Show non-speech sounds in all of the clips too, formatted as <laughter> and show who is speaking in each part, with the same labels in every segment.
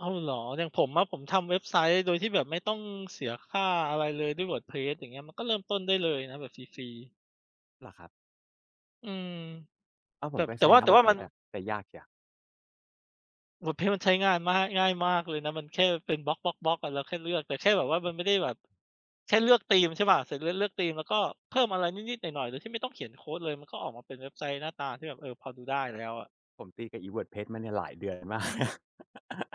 Speaker 1: อ้าว เหรอ อย่างผมอะ ผมทำเว็บไซต์โดยที่แบบไม่ต้องเสียค่าอะไรเลยด้วย WordPress อย่างเงี้ย มันก็เริ่มต้นได้เลยนะแบบฟรี ๆ
Speaker 2: เหรอครับ?
Speaker 1: อืม
Speaker 2: อ้าว ผ
Speaker 1: แบ
Speaker 2: ม
Speaker 1: บ
Speaker 2: ก็
Speaker 1: แต
Speaker 2: ใ
Speaker 1: ่
Speaker 2: ช้
Speaker 1: ว่า
Speaker 2: นะ
Speaker 1: แต่ว่ามัน
Speaker 2: WordPress อะ แต่ยากเชียว
Speaker 1: WordPress มันใช้งาน ม่าย ง่ายมากเลยนะ มันแค่เป็นบล็อก ๆ ๆ อะ เราแค่เลือก แต่แค่แบบว่ามันไม่ได้แบบ แค่เลือกธีม ใช่เปล่า เสร็จแล้วเลือกธีม แล้วก็เพิ่มอะไรนิด ๆ หน่อย ๆ โดยที่ไม่ต้องเขียนโคดเลย มันก็ออกมาเป็นเว็บไซต์หน้าตาที่แบบ เออ พอดูได้แล้วอะ
Speaker 2: ผมตีกับอี WordPress มาเนี่ยหลายเดือน มาก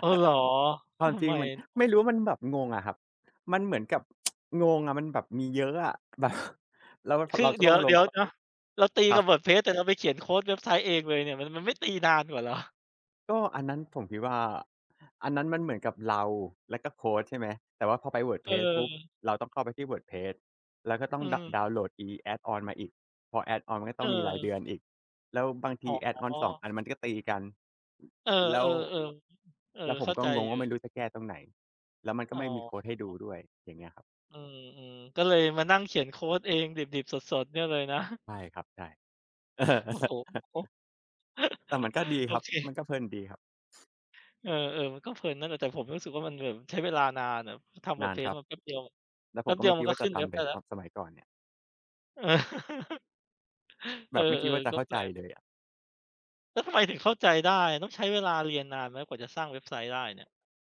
Speaker 1: อ๋อ เหรอ
Speaker 2: ควา
Speaker 1: ท
Speaker 2: ม
Speaker 1: ำ
Speaker 2: จริ
Speaker 1: ไ
Speaker 2: ง
Speaker 1: ม?
Speaker 2: เหมือนไม่รู้ว่า มันแบบงงอะครับ มันเหมือนกับ <tsk> งงอะ มันแบบมีเยอะอะ แบบ แล้วพ
Speaker 1: ค
Speaker 2: อ
Speaker 1: ื
Speaker 2: เร
Speaker 1: อ
Speaker 2: าจะ
Speaker 1: เดี
Speaker 2: ต
Speaker 1: ๋
Speaker 2: ้
Speaker 1: ย
Speaker 2: อ
Speaker 1: ว
Speaker 2: งล
Speaker 1: เด
Speaker 2: ง
Speaker 1: ี๋ยวเนาะ เราตี
Speaker 2: คร
Speaker 1: ก
Speaker 2: ั
Speaker 1: ั
Speaker 2: บ
Speaker 1: บ WordPress แต่เราไปเขียนโคดเว็บไซต์เองเลยเนี่ย มัน มันไม่ตีนานกว่าเหรอ?
Speaker 2: ก็อันนั้นผมคิดว่า อันนั้นมันเหมือนกับเราแล้วก็โคด ใช่ไหม แต่ว่าพอไป
Speaker 1: เ
Speaker 2: WordPress ปุ๊บ
Speaker 1: ออ
Speaker 2: เราต้องเข้าไปที่ WordPress แล้วก็ต้อ
Speaker 1: อื
Speaker 2: ง ดะ
Speaker 1: ม
Speaker 2: ดาวน์โหลดอี add on มาอีก พอ add on ก็
Speaker 1: เ
Speaker 2: ต้องมีราย
Speaker 1: ออ
Speaker 2: เดือนอีก แล้วบางท
Speaker 1: อ
Speaker 2: ี
Speaker 1: ๋อ
Speaker 2: add on 2 อัน มันก็ตีกัน
Speaker 1: เออ
Speaker 2: แล้ว
Speaker 1: ๆ ๆ เออ
Speaker 2: แล้วผ
Speaker 1: เข
Speaker 2: ม
Speaker 1: ้า
Speaker 2: ก็
Speaker 1: ใจ
Speaker 2: งง
Speaker 1: อย
Speaker 2: ว่
Speaker 1: ู
Speaker 2: า ไม
Speaker 1: ่
Speaker 2: ่รู้จะแก้ตรงไหน แล้วมันก
Speaker 1: อ
Speaker 2: ็
Speaker 1: ๋
Speaker 2: ไม่
Speaker 1: อ
Speaker 2: มีโคดให้ดูด้วย อย่างเงี้ยครับ
Speaker 1: อืม ๆ ก็เลยมานั่งเขียนโคดเองดิบ ๆ สด ๆ เนี่ยเลย นะ
Speaker 2: ใช่ครับ ใช่ เออ
Speaker 1: โอ้โฮ!
Speaker 2: <chuckles> แต่มั
Speaker 1: <chuckles>
Speaker 2: นก็ดี
Speaker 1: โอ
Speaker 2: ครับ
Speaker 1: เค
Speaker 2: มันก็เพลินดีครับ
Speaker 1: เออ ๆ มันก็เพลินนั่นแหละ แต่ผมรู้สึกว่า มันแบบใช้เวลานานอะ ทำ
Speaker 2: นานค
Speaker 1: WordPress
Speaker 2: รับ
Speaker 1: มันแป๊บเดียวอะ
Speaker 2: แล้ว
Speaker 1: แป
Speaker 2: ผ
Speaker 1: ๊
Speaker 2: ม
Speaker 1: บ
Speaker 2: ก
Speaker 1: เ
Speaker 2: ็
Speaker 1: ดี
Speaker 2: ไ
Speaker 1: ย
Speaker 2: ม
Speaker 1: ว
Speaker 2: ่ค
Speaker 1: มั
Speaker 2: ิ
Speaker 1: น
Speaker 2: ด
Speaker 1: ก
Speaker 2: ว
Speaker 1: ็
Speaker 2: ่า
Speaker 1: ข
Speaker 2: จ
Speaker 1: ึ
Speaker 2: ะ
Speaker 1: ้น
Speaker 2: ท
Speaker 1: เว็บ
Speaker 2: ำแ
Speaker 1: ไ
Speaker 2: บ
Speaker 1: ด้
Speaker 2: บ
Speaker 1: แล้
Speaker 2: ต
Speaker 1: ว
Speaker 2: อนสมัยก่อนเนี่ย
Speaker 1: <chuckles> เอ
Speaker 2: แบ
Speaker 1: อ
Speaker 2: บไม่คิดว่าจ
Speaker 1: ๆ
Speaker 2: ะ
Speaker 1: ก็
Speaker 2: เข้า
Speaker 1: แป
Speaker 2: ใ
Speaker 1: ล
Speaker 2: จ
Speaker 1: ก
Speaker 2: เลยอะ
Speaker 1: แล้วทำไมถึงเข้าใจได้ ต้องใช้เวลาเรียนนานไหม กว่าจะสร้างเว็บไซต์ได้เนี่ย?